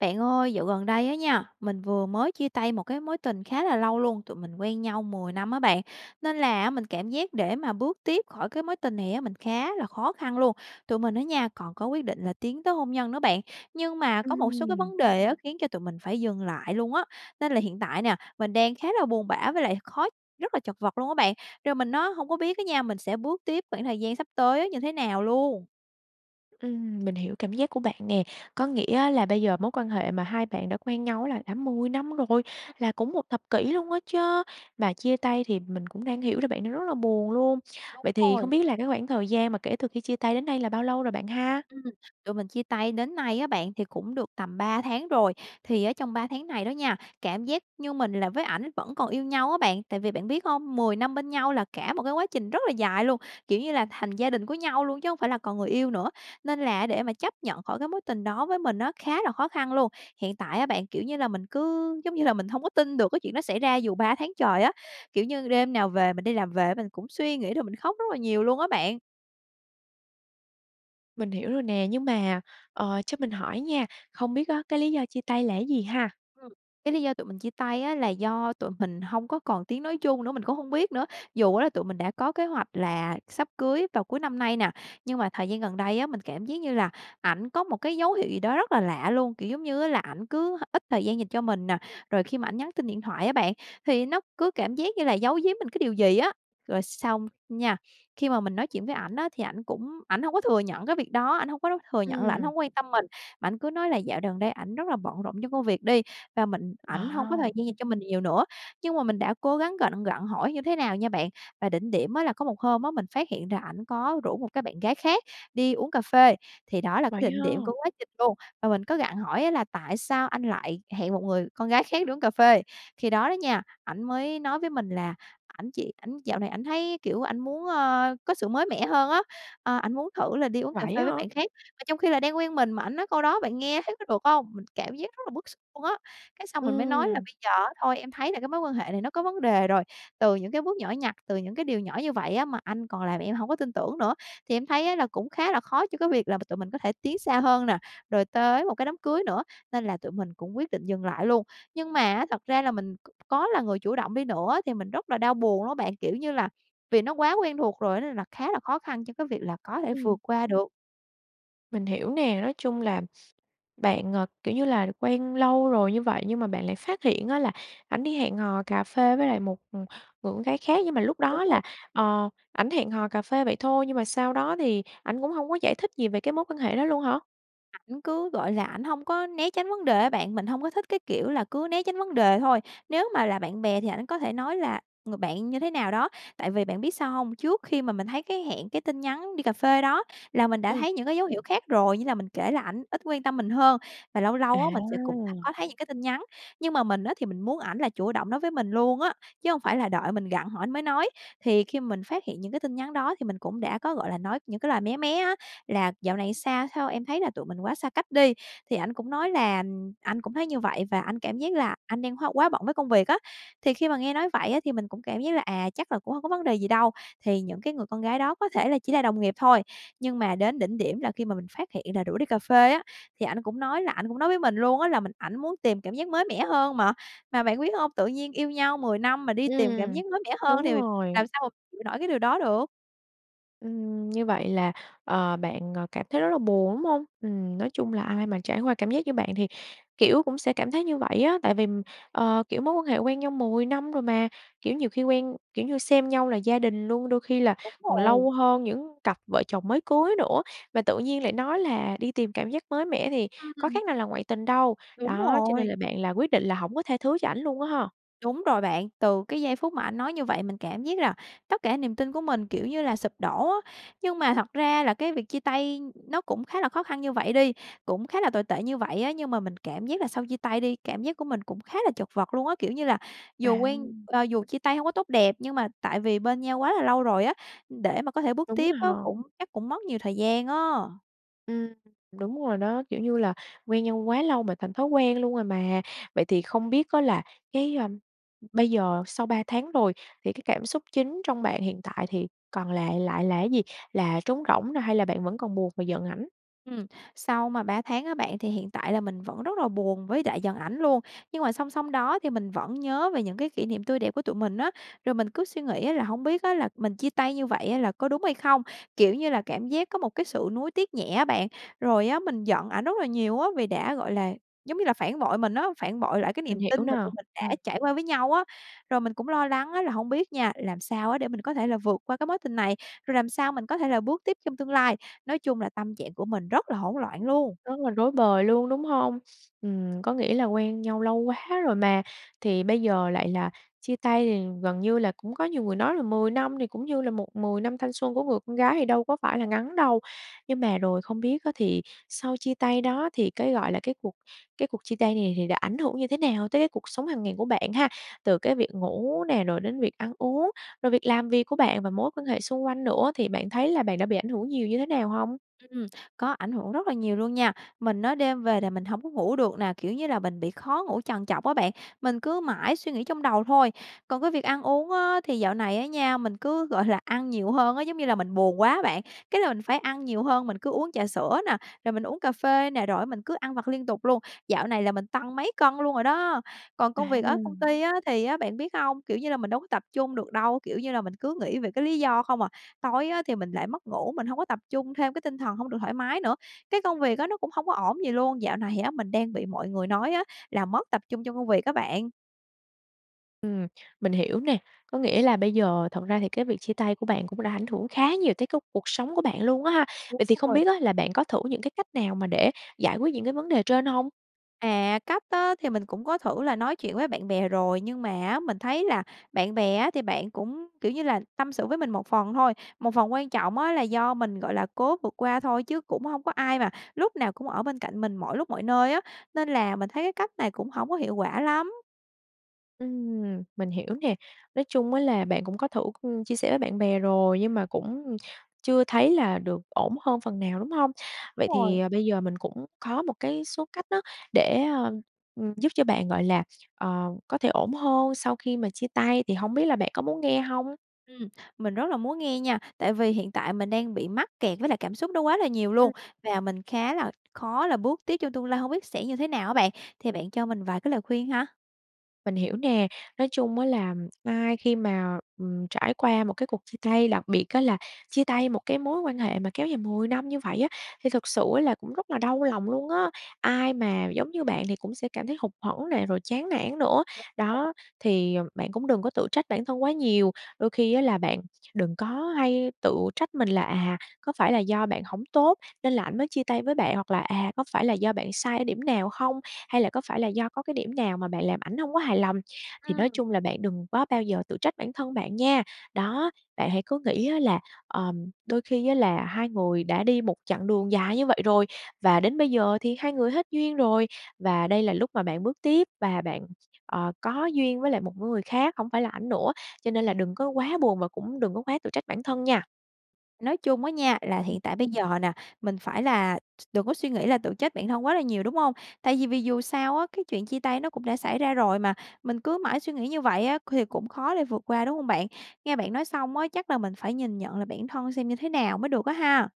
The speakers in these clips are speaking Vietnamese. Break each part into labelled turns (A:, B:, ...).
A: Bạn ơi, dạo gần đây á nha, mình vừa mới chia tay một cái mối tình khá là lâu luôn, tụi mình quen nhau 10 năm á bạn, nên là á, mình cảm giác để mà bước tiếp khỏi cái mối tình này á, mình khá là khó khăn luôn. Tụi mình á nha, còn có quyết định là tiến tới hôn nhân nữa bạn, nhưng mà có một số cái
B: Ừm.
A: vấn đề á khiến cho tụi mình phải dừng lại luôn á. Nên là hiện tại nè, mình đang khá là buồn bã với lại khó rất là chật vật luôn á bạn, rồi mình á hổng có biết á nha, mình sẽ bước tiếp khoảng thời gian sắp tới như thế nào luôn.
B: Ừm, mình hiểu cảm giác của bạn nè, có nghĩa á là bây giờ mối quan hệ mà hai bạn đã quen nhau là đã 10 năm rồi,
A: Ừm.
B: là cũng 1 thập kỷ luôn á chớ, mà chia tay thì mình cũng đang hiểu là bạn đang rất là buồn luôn.
A: Đúng
B: Vậy thì
A: rồi.
B: không biết là cái khoảng thời gian mà kể từ khi chia tay đến nay là bao lâu rồi bạn ha?
A: Ừm, tụi mình chia tay đến nay á bạn thì cũng được tầm 3 tháng rồi, thì ở trong 3 tháng này đó nha, cảm giác như mình là với ảnh vẫn còn yêu nhau á bạn. Tại vì bạn biết hông? 10 năm bên nhau là cả một cái quá trình rất là dài luôn, kiểu như là, thành gia đình của nhau luôn, chứ hổng phải là còn người yêu nữa, nên là để mà chấp nhận khỏi cái mối tình đó với mình á, khá là khó khăn luôn. Hiện tại á bạn, kiểu như là, mình cứ giống như là mình hông có tin được cái chuyện đó xảy ra dù 3 tháng trời á, kiểu như, đêm nào về mình đi làm về mình cũng suy nghĩ rồi mình khóc rất là nhiều luôn á bạn.
B: Mình hiểu rồi nè, nhưng mà, ờ, cho mình hỏi nha, không biết á cái lý do chia tay là cái gì ha?
A: Ừm, cái lý do tụi mình chia tay á là do tụi mình hông có còn tiếng nói chung nữa, mình cũng hông biết nữa. Dù á là tụi mình đã có kế hoạch là sắp cưới vào cuối năm nay nè, nhưng mà thời gian gần đây á, mình cảm giác như là ảnh có một cái dấu hiệu gì đó rất là lạ luôn, kiểu giống như, á là ảnh cứ ít thời gian dành cho mình nè. Rồi khi mà ảnh nhắn tin điện thoại á bạn, thì nó cứ cảm giác như là giấu giếm mình cái điều gì á. Rồi xong nha, khi mà mình nói chuyện với ảnh á thì ảnh cũng ảnh hông có thừa nhận cái việc đó, ảnh hông có đấu thừa nhận là ảnh
B: Ừm.
A: hổng quan tâm mình. Ảnh cứ nói là dạo đần đây ảnh rất là bận rộn trong công việc đi, và mình ảnh hông có thời
B: [unintelligible]
A: gian dành cho mình nhiều nữa. Nhưng mà mình đã cố gắng gạnh gặng hỏi như thế nào nha bạn. Và đỉnh điểm á là có một hôm á mình phát hiện là ảnh có rủ một cái bạn gái khác đi uống cà phê, thì đó là
B: Vậy
A: cái đỉnh
B: ha.
A: điểm của quá trình luôn. Và mình có gặng hỏi á là "Tại sao anh lại hẹn một người con gái khác đi uống cà phê?" Khi đó đó nha, ảnh mới nói với mình là ảnh chỉ ảnh dạo này ảnh thấy, kiểu, ảnh muốn, ơ, có sự mới mẻ hơn á, ờ, ảnh muốn thử là đi uống cà
B: Vậy
A: phê
B: á
A: với
B: hả?
A: bạn khác. Mà trong khi là đang quen mình mà ảnh nói câu đó bạn nghe thấy có được hông? Mình cảm giác rất là bức xúc luôn á, cái xong mình mới nói là
B: Ừm.
A: "Bây giờ á thôi em thấy là cái mối quan hệ này nó có vấn đề rồi từ những cái bước nhỏ nhặt, từ những cái điều nhỏ như vậy á mà anh còn làm em hổng có tin tưởng nữa thì em thấy á là cũng khá là khó cho cái việc là tụi mình có thể tiến xa hơn nè. Rồi tới một cái đám cưới nữa.", nên là tụi mình cũng quyết định dừng lại luôn. Nhưng mà á, thật ra là mình có là người chủ động đi nữa thì mình rất là đau buồn đó bạn, kiểu như là, vì nó quá quen thuộc rồi á, nên là khá là khó khăn cho cái việc là có thể vượt
B: Ừm.
A: qua được.
B: Mình hiểu nè, nói chung là bạn, ờ, kiểu như là, quen lâu rồi như vậy nhưng mà bạn lại phát hiện á là ảnh đi hẹn hò cà phê với lại một, ừm, người con gái khác, nhưng mà lúc đó là,
A: [unintelligible]
B: ờ, ảnh hẹn hò cà phê vậy thôi, nhưng mà sau đó thì ảnh cũng hông có giải thích gì về cái mối quan hệ đó luôn hả?
A: Ảnh cứ, gọi là, ảnh hông có né tránh vấn đề á bạn, mình hông có thích cái kiểu là cứ né tránh vấn đề thôi. Nếu mà là bạn bè thì ảnh có thể nói là người bạn như thế nào đó. Tại vì bạn biết sao hông? Trước khi mà mình thấy cái hẹn, cái tin nhắn đi cà phê đó là mình đã
B: Ừm.
A: thấy những cái dấu hiệu khác rồi, như là mình kể là ảnh ít quan tâm mình hơn và lâu lâu á mình sẽ cũng
B: À!
A: có thấy những cái tin nhắn. Nhưng mà mình á thì mình muốn ảnh là chủ động nói với mình luôn á, chứ hông phải là đợi mình gặng hỏi ảnh mới nói, thì khi mình phát hiện những cái tin nhắn đó thì mình cũng đã có, gọi là, nói những cái lời mé mé á, là "Dạo này sao sao em thấy là tụi mình quá xa cách đi." Thì ảnh cũng nói là "Ừm, anh cũng thấy như vậy và anh cảm giác là anh đang hoá quá bận với công việc." á, thì khi mà nghe nói vậy á thì mình cũng cảm giác là, à, chắc là cũng hông có vấn đề gì đâu, thì những cái người con gái đó có thể là chỉ là đồng nghiệp thôi. Nhưng mà đến đỉnh điểm là khi mà mình phát hiện là rủ đi cà phê á, thì ảnh cũng nói là ảnh cũng nói với mình luôn á là mình ảnh muốn tìm cảm giác mới mẻ hơn mà. Mà bạn biết hông? Tự nhiên yêu nhau 10 năm mà đi tìm cảm
B: Ừm,
A: giác mới mẻ hơn
B: đúng
A: thì
B: rồi.
A: làm sao chịu nổi cái điều đó được.
B: Ừm, như vậy là, ờ, bạn, ờ, cảm thấy rất là buồn, đúng hông? Ừm, nói chung là ai mà trải qua cảm giác như bạn thì, kiểu, cũng sẽ cảm thấy như vậy á, tại vì, ờ, kiểu, mối quan hệ quen nhau 10 năm rồi mà, kiểu, nhiều khi quen, kiểu như, xem nhau là gia đình luôn, đôi khi là
A: Đúng
B: còn
A: rồi.
B: lâu hơn những cặp vợ chồng mới cưới nữa và tự nhiên lại nói là đi tìm cảm giác mới mẻ thì
A: Ưm,
B: có
A: ừm.
B: khác nào là ngoại tình đâu.
A: Đúng
B: Đó, cho nên là
A: rồi.
B: bạn là quyết định là hổng có tha thứ cho ảnh luôn á ha?
A: Đúng rồi bạn. Từ cái giây phút mà ảnh nói như vậy mình cảm giác là tất cả niềm tin của mình, kiểu như là, sụp đổ á. Nhưng mà thật ra là cái việc chia tay nó cũng khá là khó khăn như vậy đi, cũng khá là tồi tệ như vậy á, nhưng mà mình cảm giác là sau chia tay đi, cảm giác của mình cũng khá là chật vật luôn á, kiểu như là, dù
B: À.
A: quen ờ, dù chia tay hổng có tốt đẹp, nhưng mà tại vì bên nhau quá là lâu rồi á, để mà có thể bước
B: Đúng
A: tiếp
B: rồi
A: á,
B: ha.
A: cũng chắc cũng mất nhiều thời gian á.
B: Ừm. Đúng rồi đó. Kiểu như là quen nhau quá lâu mà thành thói quen luôn rồi mà. Vậy thì không biết á là cái, a, bây giờ sau 3 tháng rồi thì cái cảm xúc chính trong bạn hiện tại thì còn lại lại là cái gì, là trống rỗng nè, hay là bạn vẫn còn buồn và giận ảnh?
A: Ừm, sau mà 3 tháng á bạn thì hiện tại là mình vẫn rất là buồn với lại giận ảnh luôn, nhưng mà song song đó thì mình vẫn nhớ về những cái kỷ niệm tươi đẹp của tụi mình á. Rồi mình cứ suy nghĩ á là "Hông biết á là mình chia tay như vậy á là có đúng hay không?". Kiểu như là, cảm giác có một cái sự nuối tiếc nhẹ á bạn, rồi á mình giận ảnh rất là nhiều á, vì đã, gọi là, giống như là, phản bội mình á, phản bội lại cái
B: Mình
A: niềm
B: hiểu
A: tin mà
B: nè.
A: mình tụi mình đã
B: Ừm.
A: trải qua với nhau á. Rồi mình cũng lo lắng á là hông biết nha, làm sao á để mình có thể là vượt qua cái mối tình này, rồi làm sao mình có thể là bước tiếp trong tương lai. Nói chung là tâm trạng của mình rất là hỗn loạn luôn.
B: Rất là rối bời luôn đúng hông? Ừm, có nghĩa là quen nhau lâu quá rồi mà thì bây giờ lại là chia tay thì gần như là cũng có nhiều người nói là 10 năm thì cũng như là một 10 năm thanh xuân của người con gái thì đâu có phải là ngắn đâu. Nhưng mà rồi không biết á thì sau chia tay đó thì cái gọi là cái cuộc cái cuộc chia tay này thì đã ảnh hưởng như thế nào tới cái cuộc sống hàng ngày của bạn ha? Từ cái việc ngủ nè rồi đến việc ăn uống, rồi việc làm việc của bạn và mối quan hệ xung quanh nữa thì bạn thấy là bạn đã bị ảnh hưởng nhiều như thế nào hông?
A: Ừm, có ảnh hưởng rất là nhiều luôn nha. Mình á, đêm về là mình hổng có ngủ được nè, kiểu như là, mình bị khó ngủ trằn trọc á bạn, mình cứ mãi suy nghĩ trong đầu thôi. Còn cái việc ăn uống á thì dạo này á nha, mình cứ, gọi là, ăn nhiều hơn á. Giống như là, mình buồn quá bạn, cái là mình phải ăn nhiều hơn, mình cứ uống trà sữa nè, rồi mình uống cà phê nè, rồi á mình cứ ăn vặt liên liên tục luôn, dạo này là mình tăng mấy cân luôn rồi đó. Còn công
B: À!
A: việc ở công ty á thì á bạn biết hông? Kiểu như là, mình đúng tập trung được đâu, kiểu như là, mình cứ nghĩ về cái lý do không à. Tối á thì mình lại mất ngủ, mình hông có tập trung, thêm cái tinh thần hông được thoải mái nữa, cái công việc á nó cũng hông có ổn gì luôn, dạo này á mình đang bị mọi người nói á là mất tập trung trong công việc á bạn.
B: Ừm. Mình hiểu nè. Có nghĩa là bây giờ thật ra thì cái việc chia tay của bạn cũng đã ảnh hưởng khá nhiều tới túc cuộc sống của bạn luôn á ha.
A: Đúng
B: Vậy thì không
A: rồi.
B: biết á là bạn có thử những cái cách nào mà để giải quyết những cái vấn đề trên hông?
A: À, cách á thì mình cũng có thử là nói chuyện với bạn bè rồi, nhưng mà á mình thấy là bạn bè á thì bạn cũng, kiểu như là, tâm sự với mình một phần thôi, một phần quan trọng á là do mình, gọi là, cố vượt qua thôi, chứ cũng hông có ai mà lúc nào cũng ở bên cạnh mình mọi lúc mọi nơi á. Nên là mình thấy cái cách này cũng hổng có hiệu quả lắm.
B: Ừm, mình hiểu nè. Nói chung á là bạn cũng có thử, ừm, chia sẻ với bạn bè rồi, nhưng mà cũng chưa thấy là được ổn hơn phần nào, đúng hông? Vậy thì,
A: Rồi.
B: ờ, bây giờ mình cũng có một cái số cách á, để, ờ, ừm, giúp cho bạn, gọi là, ờ, có thể ổn hơn sau khi mà chia tay, thì hổng biết là bạn có muốn nghe hông?
A: Ừm, mình rất là muốn nghe nha, tại vì hiện tại mình đang bị mắc kẹt với lại cảm xúc đó quá là nhiều luôn
B: Ừm.
A: và mình khá là khó là bước tiếp trong tương lai, hông biết sẽ như thế nào á bạn, thì bạn cho mình vài cái lời khuyên ha.
B: Mình hiểu nè, nói chung á là ai khi mà, ừm, trải qua một cái cuộc chia tay, đặc biệt á là chia tay một cái mối quan hệ mà kéo dài 10 năm như vậy á, thì thực sự ấy là cũng rất là đau lòng luôn á, ai mà giống như bạn thì cũng sẽ cảm thấy hụt hẫng nè, rồi chán nản nữa.
A: Đúng rồi.
B: Đó, thì, ừm, bạn cũng đừng có tự trách bản thân quá nhiều, đôi khi á là bạn đừng có hay tự trách mình là, à, có phải là do bạn hổng tốt nên là ảnh mới chia tay với bạn, hoặc là, à, có phải là do bạn sai ở điểm nào hông, hay là có phải là do có cái điểm nào mà bạn làm ảnh hổng có hài lòng, thì nói
A: Ừm.
B: chung là bạn đừng có bao giờ tự trách bản thân bạn nha. Đó, bạn hãy cứ nghĩ á là, ừm, đôi khi á là hai người đã đi một chặng đường dài như vậy rồi và đến bây giờ thì hai người hết duyên rồi và đây là lúc mà bạn bước tiếp và bạn, ờ, có duyên với lại một người khác, hổng phải là ảnh nữa. Cho nên là đừng có quá buồn và cũng đừng có quá tự trách bản thân nha.
A: Nói chung á nha, là
B: Ừm.
A: hiện tại bây giờ nè, mình phải là s đừng có suy nghĩ là tự trách bản thân quá là nhiều, đúng hông? Tại vì vì dù sao á, cái chuyện chia tay nó cũng đã xảy ra rồi mà mình cứ mãi suy nghĩ như vậy á thì cũng khó để vượt qua, đúng hông bạn? Nghe bạn nói xong á, chắc là mình phải nhìn nhận lại bản thân xem như thế nào mới được á ha.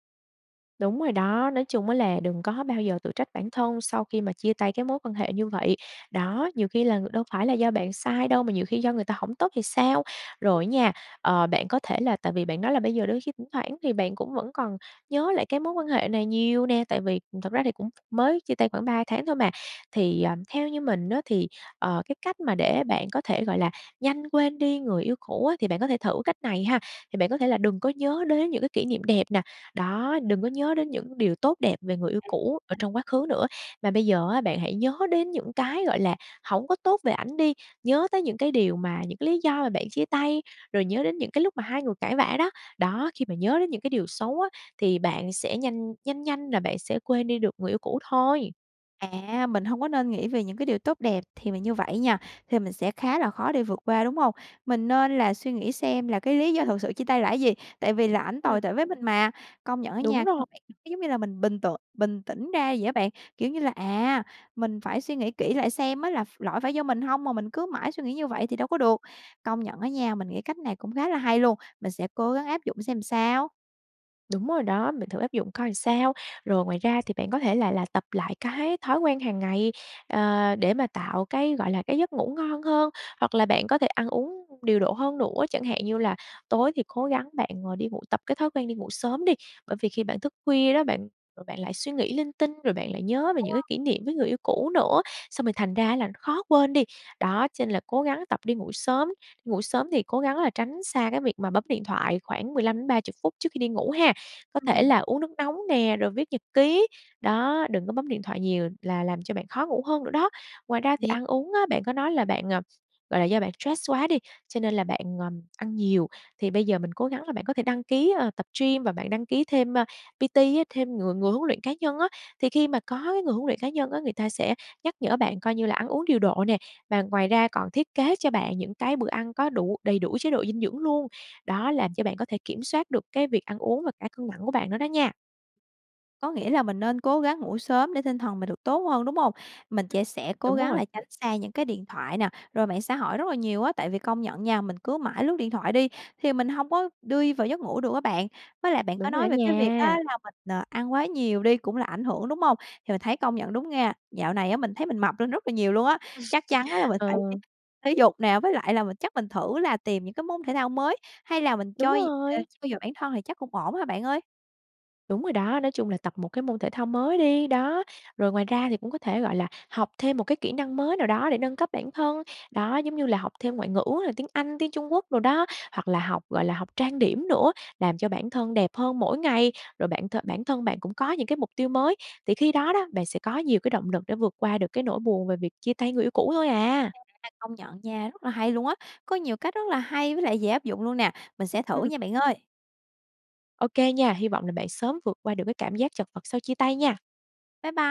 B: Đúng rồi đó, nói chung á là đừng có bao giờ tự trách bản thân sau khi mà chia tay cái mối quan hệ như vậy. Đó, nhiều khi là ng đâu phải là do bạn sai đâu mà nhiều khi do người ta hổng tốt thì sao? Rồi á nha, ờ, bạn có thể là tại vì bạn nói là bây giờ đôi khi thỉnh thoảng thì bạn cũng vẫn còn nhớ lại cái mối quan hệ này nhiều nè, tại
A: [unintelligible]
B: vì, ừm, thực ra thì cũng mới chia tay khoảng 3 tháng thôi mà. Thì, ờ, theo như mình á thì, ờ, cái cách mà để bạn có thể, gọi là, nhanh quên đi người yêu cũ á thì bạn có thể thử cách này ha, thì bạn có thể là đừng có nhớ đến những cái kỷ niệm đẹp nè, đó, đừng có nhớ đến những điều tốt đẹp về người yêu cũ ở
A: [unintelligible]
B: trong quá khứ nữa. Mà bây giờ á bạn hãy nhớ đến những cái, gọi là, hổng có tốt về ảnh đi, nhớ tới những cái điều mà những cái lý do mà bạn chia tay, rồi nhớ đến những cái lúc mà hai người cãi vã đó. Đó, khi mà nhớ đến những cái điều xấu á thì bạn sẽ nhanh nhanh nhanh là bạn sẽ quên đi được người yêu cũ thôi.
A: À, mình hông có nên nghĩ về những cái điều tốt đẹp thì mình như vậy á nha, thì mình sẽ khá là khó để vượt qua, đúng hông? Mình nên là suy nghĩ xem là cái lý do thực sự chia tay là á gì? Tại vì là ảnh
B: Ừm.
A: tồi tệ với mình mà. Công nhận á
B: Đúng
A: nha,
B: rò.
A: [unintelligible] giống như là mình bình tưởng bình tĩnh ra vậy á bạn. Kiểu như là, à, mình phải suy nghĩ kỹ lại xem á ph là lỗi phải do mình hông mà mình cứ mãi suy nghĩ như vậy thì đâu có được. Công nhận á nha, mình nghĩ cách này cũng khá là hay luôn, mình sẽ cố gắng áp dụng xem sao.
B: Đúng rồi đó, mình thử áp dụng coi sao. Rồi, ngoài ra thì bạn có thể là là tập lại cái thói quen hằng ngày, à, để mà tạo cái, gọi là, cái giấc ngủ ngon hơn. Hoặc là bạn có thể ăn uống điều độ hơn nữa, chẳng hạn như là tối thì cố gắng bạn, ờ, đi ngủ tập cái thói quen đi ngủ sớm đi, bởi vì khi bạn thức khuya đó bạn, rồi bạn lại suy nghĩ linh tinh rồi bạn lại nhớ về những cái
A: [unintelligible]
B: kỷ niệm với người yêu cũ nữa, xong rồi thành ra là khó quên đi. Đó, cho nên là cố gắng tập đi ngủ sớm, ngủ sớm thì cố gắng là tránh xa cái việc mà bấm điện thoại khoảng 15 đến 30 phút trước khi đi ngủ ha. Có thể
A: Ừm.
B: là uống nước nóng nè, rồi viết nhật ký, đó, đừng có bấm điện thoại nhiều là làm cho bạn khó ngủ hơn nữa đó. Ngoài ra thì
A: [unintelligible]
B: ăn uống á, bạn có nói là bạn, à, gọi là, do bạn stress quá đi, cho nên là bạn, ờm, ăn nhiều. Thì bây giờ mình cố gắng là bạn có thể đăng ký, ờ, tập gym và bạn đăng ký thêm, ơ, PT á, thêm người người huấn luyện cá nhân á. Thì khi mà có cái người huấn luyện cá nhân á, người ta sẽ nhắc nhở bạn coi như là ăn uống điều độ nè, và ngoài ra còn thiết kế cho bạn những cái bữa ăn có đủ đầy đủ chế độ dinh dưỡng luôn. Đó, làm cho bạn có thể kiểm soát được cái việc ăn uống và cả cân nặng của bạn nữa đó nha.
A: Có nghĩa là mình nên cố gắng ngủ sớm để tinh thần mình được tốt hơn, đúng hông? Mình
B: [unintelligible]
A: trẻ sẽ cố
B: .Đúng
A: gắng
B: rồi.
A: là tránh xa những cái điện thoại nè, rồi mạng xã hội rất là nhiều á, tại vì công nhận nha mình cứ mãi lướt điện thoại đi thì mình hông có đi vào giấc ngủ được á bạn. Với lại bạn có
B: Đúng rồi đó
A: nói về cái việc á
B: nha.
A: là mình, ờ, ăn quá nhiều đi cũng là ảnh hưởng, đúng hông? Thì mình thấy công nhận đúng nghe, dạo này á mình thấy mình mập lên rất là nhiều luôn á, chắc chắn á là mình phải
B: Ờ.
A: [unintelligible] thể dục nè, với lại là mình chắc mình thử là tìm những cái môn thể thao mới, hay là mình
B: Đúng
A: trôi ờ,
B: rồi.
A: trau dồi bản thân thì chắc cũng ổn ha bạn ơi?
B: Đúng rồi đó. Nói chung là tập một cái môn thể thao mới đi. Đó, rồi ngoài ra thì cũng có thể, gọi là, học thêm một cái kỹ năng mới nào đó để nâng cấp bản thân, đó, giống như là, học thêm ngoại ngữ là tiếng Anh, tiếng Trung Quốc đồ đó, hoặc là học, gọi là, học trang điểm nữa, làm cho bản thân đẹp hơn mỗi ngày. Rồi bạn th bản thân bạn cũng có những cái mục tiêu mới thì khi đó đó, bạn sẽ có nhiều cái động lực để vượt qua được cái nỗi buồn về việc chia tay người yêu cũ thôi à!
A: [unintelligible] Công nhận nha, rất là hay luôn á! Có nhiều cách rất là hay với lại dễ áp dụng luôn nè, mình sẽ thử
B: Ừm.
A: nha bạn ơi.
B: OK nha, hy vọng là bạn sớm vượt qua được cái cảm giác chật vật sau chia tay nha.
A: Bye bye.